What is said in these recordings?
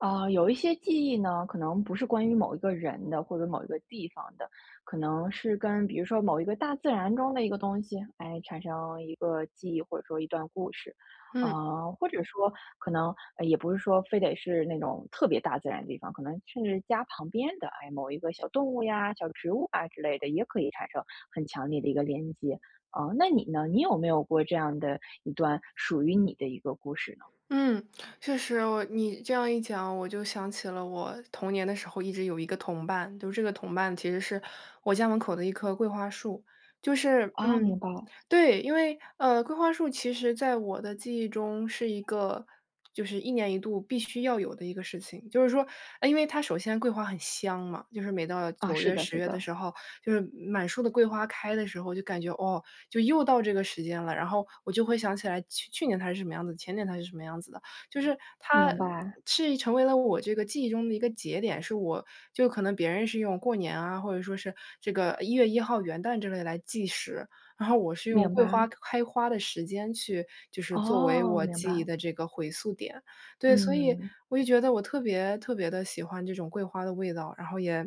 啊，有一些记忆呢，可能不是关于某一个人的或者某一个地方的，可能是跟比如说某一个大自然中的一个东西，诶，产生一个记忆，或者说一段故事。嗯。啊，或者说可能也不是说非得是那种特别大自然的地方，可能甚至家旁边的，哎，某一个小动物呀、小植物啊之类的也可以产生很强烈的一个连接，嗯，那你呢？你有没有过这样的一段属于你的一个故事呢？嗯，确实。我你这样一讲，我就想起了我童年的时候一直有一个同伴，就这个同伴其实是我家门口的1棵桂花树。就是哦，明嗯。白。对，因为，呃，桂花树其实在我的记忆中是一个就是一年一度必须要有的一个事情。就是说，诶，因为它首先桂花很香嘛，就是每到啊，9是月、的，10是月的的。时候，就是满树的桂花开的时候，就感觉，哦，就又到这个时间了，然后我就会想起来去去年它是什么样子，前年它是什么样子的。就是它明白。是已成为了我这个记忆中的一个节点，是我就可能别人是用过年啊，或者说是这个1月1号元旦之类来计时，然后我是用明桂白。花开花的时间去就是作为哦，我明记忆白。的这个回溯点。对，所以嗯。我就觉得我特别特别地喜欢这种桂花的味道，然后也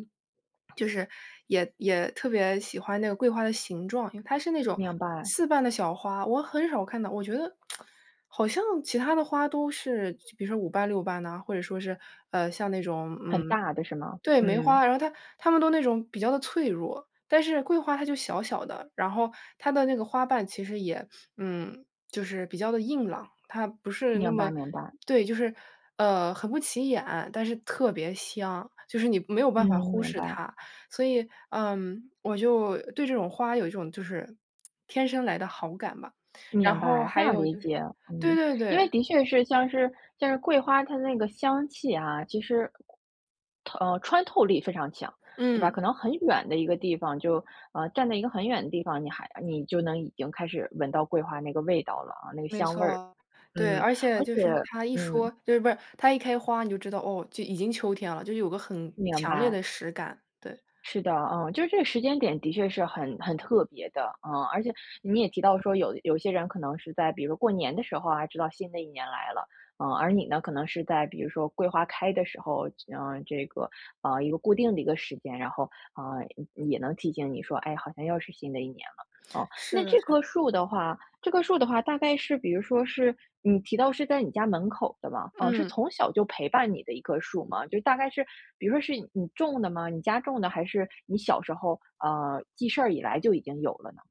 就是也也特别喜欢那个桂花的形状，它是那种明白。4瓣的小花，我很少看到我觉得 好像其他的花都是就比如说5瓣、6瓣呐，或者说是，呃，像那种，很嗯大的是吗？对，梅嗯。花，然后它它们都那种比较的脆弱，但是桂花它就小小的，然后它的那个花瓣其实也嗯，就是比较地硬朗。它不是那明白，么明白。对，就是，呃，很不起眼，但是特别香，就是你没有嗯，办法忽明视白。它。所以，呃，我就对这种花有一种就是 天生来的好感吧。然明后白，非还常有理就是解，对嗯。对因对。为的确是像是像是桂花它的那个香气啊，其实它呃，穿透力非常强，对吧？可嗯。能很远的一个地方就呃，站在一个很远的地方，你还你就能已经开始闻到桂花那个味道了，呃，那个没香味儿。错。嗯，对，而且而就且是它一说嗯。就是不是它一开花你就知道，哦，就已经秋天了，就是有个很明强烈白。的实感，对。是的，嗯，就是这个时间点的确是很很特别的。呃，而且你也提到说，有有些人可能是在比如说过年的时候啊，知道新的一年来了。呃，而你呢，可能是在比如说桂花开的时候，呃，这个，呃，一个固定的一个时间，然后，呃，也也能提醒你说，哎，好像又是新的一年了，嗯。是那的，这是的。棵树的话这棵树的话大概是比如说是嗯，你提到是在你家门口的吗？嗯，是嗯。从小就陪伴你的一棵树吗？就大概是比如说是你种的吗？你家种的，还是你小时候呃，记事儿以来就已经有了呢？